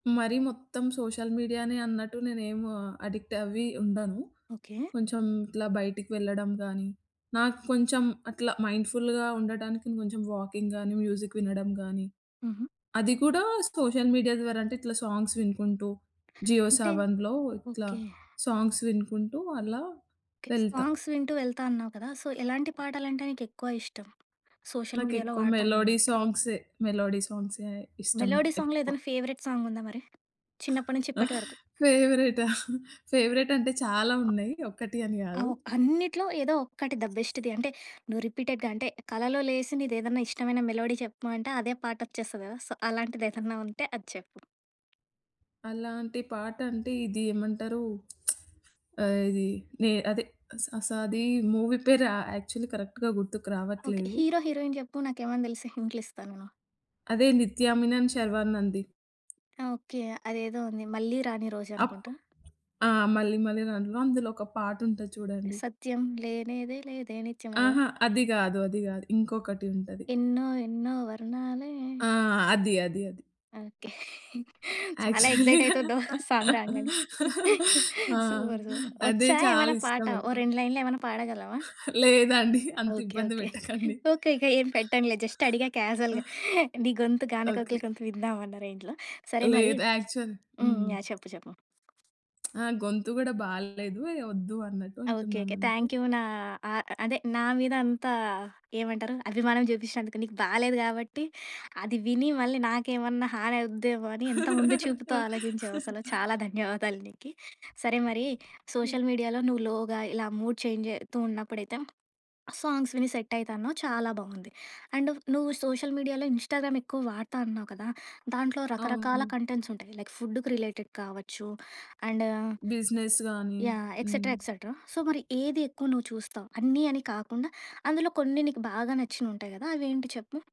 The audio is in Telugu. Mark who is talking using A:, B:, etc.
A: మరీ మొత్తం సోషల్ మీడియానే అన్నట్టు నేనేం అడిక్ట్ అవ్వి ఉండను.
B: ఓకే.
A: కొంచెం ఇట్లా బయటికి వెళ్ళడం గానీ, నాకు కొంచెం అట్లా మైండ్‌ఫుల్‌గా ఉండటానికి కొంచెం వాకింగ్ గానీ, మ్యూజిక్ వినడం గానీ,
B: హుహు.
A: అది కూడా సోషల్ మీడియా ద్వారా అంటే, ఇట్లా సాంగ్స్ వినుకుంటూ, జియో
B: అంటే
A: సావన్‌లో ఇట్లా
B: ఓకే.
A: సాంగ్స్ వినుకుంటూ అలా
B: ఓకే.
A: వెళ్త.
B: సాంగ్స్ వింటూ వెళ్తా అన్నావు కదా! సో, ఎలాంటి పాటలంటే నీకెక్కువ ఇష్టం? సోషల్ మీడియాలో
A: నాకెక్కువ
B: వాడతా అన్నావు
A: మెలోడీ
B: గాబట్టి.
A: సాంగ్సే. మెలోడీ సాంగ్సే ఇష్టం
B: మెలోడీ సాంగ్‌లో
A: ఎక్కువ.
B: ఏదన్నా ఫేవరెట్ సాంగుందా మరి? చిన్నప్పటి నుంచి ఇప్పటి వరకు?
A: ఫేవరెటా?
B: హ్మ్.
A: ఫేవరెట్ అంటే చాలా ఉన్నాయి. ఒకటి అని గాదు.
B: అవు అన్నిట్లో ఏదో ఒక్కటి ద బెస్ట్‌ది. అంటే, నువ్వు రిపీటెడ్‌గా అంటే, కలలో లేసి నీదేదన్నా ఇష్టమైన మెలోడీ చెప్పుమంటే అదే పాటొచ్చేస్తది గదా! సో, అలాంటిదేదన్నా ఉంటే అది చెప్పు?
A: అలాంటి పాటంటే ఇది ఏమంటారు. ఆహ్, ఇది నే అదె అస అస అది మూవీ పేరా? యాక్చువల్లీ కరెక్ట్‌గా గుర్తుకు
B: ఓకే.
A: రావట్లేదు.
B: హీరో హీరోయిన్ జెప్పు. నాకేవన్నా దెలిస్తే హింట్లిస్తా నేను.
A: అదే నిత్యామినన్, శర్వానంద్‌ది.
B: ఆ! ఓకే. అదేదో ఉంది 'మళ్ళీ రాని రోజు'
A: అప్
B: అనుకుంటా.
A: ఆ! 'మళ్ళి మళ్ళి రానిలో' అందులో ఒక పాటుంటది చూడండి.
B: సత్యం లేనెదే లేదే నిత్యం ఆదా?
A: ఆహా! అది గాదు. అది గాదు. ఇంకొకటి ఉంటది.
B: ఎన్నో ఎన్నో వర్ణాలే.
A: ఆ! అది. అది. అది.
B: ఓకే. చాలా
A: యాక్చువల్లి,
B: ఎక్సైటయితున్నవు. సాంగ్ రాంగానె.
A: ఆ!
B: Super, super.
A: అదె
B: ఒచ్చా ఏమన్న పాట
A: చాలిష్టం
B: ఓ
A: ఎక్కువ.
B: రెండు లైన్‌ళేమ‌న్నా పాడగలవా?
A: లేదండి. అంత
B: ఓకే.
A: ఇబ్బంది
B: ఓకే.
A: పెట్టకండి.
B: ఓకే. ఓకే. ఏం పెట్టనులే జస్ట్ అడిగా కాజుయల్‌గా. నీ గొంతు గానకోకల
A: ఓకే.
B: గొంతు విందాం అన్నా రేంజ్‌లో. సరే మరి
A: లేదు. యాక్చువల్
B: హ్మ్.
A: హ్మ్.
B: యాహ్! చెప్పు, చెప్పు.
A: ఆ! గొంతు గూడా బాలేదు. ఇగ ఒద్దు అన్నట్టు
B: ఆ! ఓకే.
A: అంటున్నాను
B: ఓకే.
A: అంతే.
B: థ్యాంక్ యూ నా ఆ అదే నా మీద అంతా ఏమంటారు అభిమానం జూపిచ్చినందుకు. నీకు బాలేదు గాబట్టి అది విని, మళ్ళీ నాకేమన్నా హానవుద్దేమోని ఎంత ముందు చూపుతో ఆలోచించావసల. చాలా ధన్యవాదాలు నీకి. సరే మరి,
A: ఓకే.
B: సోషల్ మీడియాలో నువ్వు లోగా ఇలా మూడ్ చేంజయితూ ఉన్నప్పుడైతే సాంగ్స్ విని సెట్టయితా అన్నావు చాలా బావుంది. అండ్ నువ్వు సోషల్ మీడియాలో ఇన్‌స్టా‌గ్రామ్ ఎక్కువ వాడతా అన్నావు కదా! దాంట్లో రకరకాల
A: అవును.
B: కంటెంట్స్ ఉంటాయి. లైక్ ఫుడ్‌కి రిలేటెడ్ కావచ్చు, అండ్
A: బిజినెస్ గాని.
B: యాహ్!
A: హ్మ్.
B: ఎక్సెట్‌రా, ఎక్సెట్‌రా సో, మరి ఏదెక్కువ నువ్వు చూస్తావు? అన్నీ అని కాకుండా, అందులో కొన్ని నీకు బాగా నచ్చినుంటాయి గదా! అవేంటి చెప్పు?